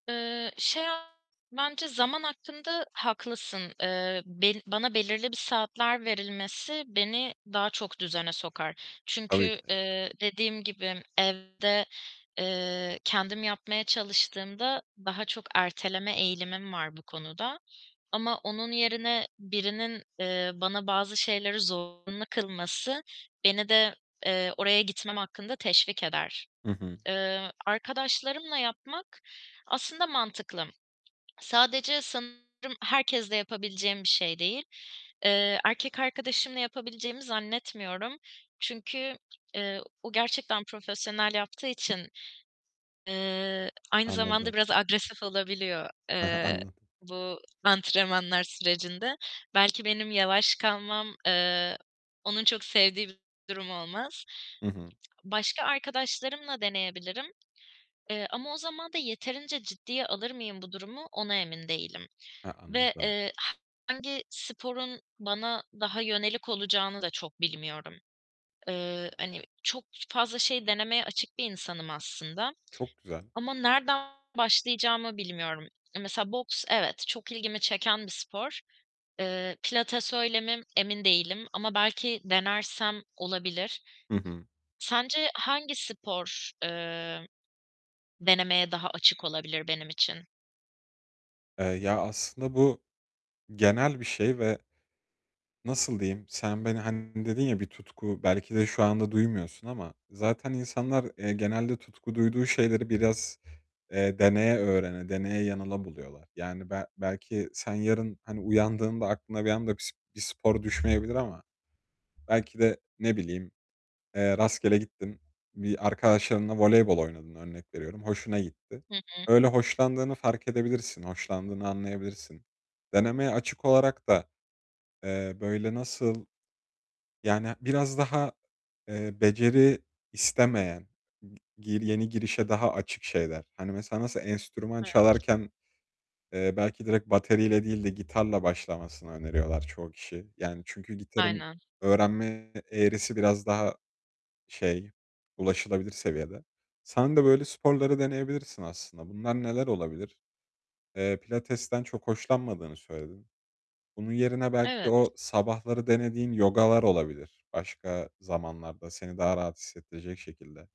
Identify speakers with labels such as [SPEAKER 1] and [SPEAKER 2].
[SPEAKER 1] Eee, şey, bence zaman hakkında haklısın. Eee, be bana belirli bir saatler verilmesi beni daha çok düzene sokar.
[SPEAKER 2] Tabii
[SPEAKER 1] Çünkü,
[SPEAKER 2] ki de.
[SPEAKER 1] eee, dediğim gibi evde, eee, kendim yapmaya çalıştığımda daha çok erteleme eğilimim var bu konuda ama onun yerine birinin, eee, bana bazı şeyleri zorunlu kılması beni de, eee, oraya gitmem hakkında teşvik eder.
[SPEAKER 2] Hı hı.
[SPEAKER 1] Eee, arkadaşlarımla yapmak aslında mantıklı. Sadece sanırım herkesle yapabileceğim bir şey değil. Eee, erkek arkadaşımla yapabileceğimi zannetmiyorum. Çünkü, eee, o gerçekten profesyonel yaptığı için, eee, aynı zamanda
[SPEAKER 2] Anladım.
[SPEAKER 1] biraz agresif olabiliyor,
[SPEAKER 2] He he,
[SPEAKER 1] eee,
[SPEAKER 2] anladım.
[SPEAKER 1] bu antrenmanlar sürecinde. Belki benim yavaş kalmam, eee, onun çok sevdiği bir durum olmaz.
[SPEAKER 2] Hı hı.
[SPEAKER 1] Başka arkadaşlarımla deneyebilirim. Eee, ama o zaman da yeterince ciddiye alır mıyım bu durumu ona emin değilim
[SPEAKER 2] He,
[SPEAKER 1] ve,
[SPEAKER 2] anladım.
[SPEAKER 1] eee, hangi sporun bana daha yönelik olacağını da çok bilmiyorum. Eee, hani, çok fazla şey denemeye açık bir insanım aslında
[SPEAKER 2] Çok güzel.
[SPEAKER 1] ama nereden başlayacağımı bilmiyorum. Mesela boks evet, çok ilgimi çeken bir spor. Eee, pilates öyle mi emin değilim ama belki denersem olabilir.
[SPEAKER 2] Hı hı.
[SPEAKER 1] Sence hangi spor, eee, denemeye daha açık olabilir benim için?
[SPEAKER 2] Eee, ya, aslında bu, genel bir şey ve, nasıl diyeyim, sen beni, hani, dedin ya, bir tutku, belki de şu anda duymuyorsun ama zaten insanlar, eee, genelde tutku duyduğu şeyleri biraz, eee, deneye öğrene, deneye yanıla buluyorlar. Yani be belki sen yarın, hani uyandığında aklına bir anda bir s bir spor düşmeyebilir ama belki de, ne bileyim, eee, rastgele gittin, bir arkadaşlarınla voleybol oynadın örnek veriyorum, hoşuna gitti.
[SPEAKER 1] Hı hı.
[SPEAKER 2] Öyle hoşlandığını fark edebilirsin, hoşlandığını anlayabilirsin. Denemeye açık olarak da, eee, böyle nasıl Yani biraz daha, eee, beceri istemeyen, g gi yeni girişe daha açık şeyler. Hani, mesela nasıl enstrüman
[SPEAKER 1] Evet.
[SPEAKER 2] çalarken, eee, belki direkt bateriyle değil de gitarla başlamasını öneriyorlar çoğu kişi. Yani çünkü gitarın
[SPEAKER 1] Aynen.
[SPEAKER 2] öğrenme eğrisi biraz daha şey, ulaşılabilir seviyede. Sen de böyle sporları deneyebilirsin aslında. Bunlar neler olabilir? Eee, pilatesten çok hoşlanmadığını söyledin. Bunun yerine belki
[SPEAKER 1] Evet.
[SPEAKER 2] o sabahları denediğin yogalar olabilir, başka zamanlarda seni daha rahat hissettirecek şekilde.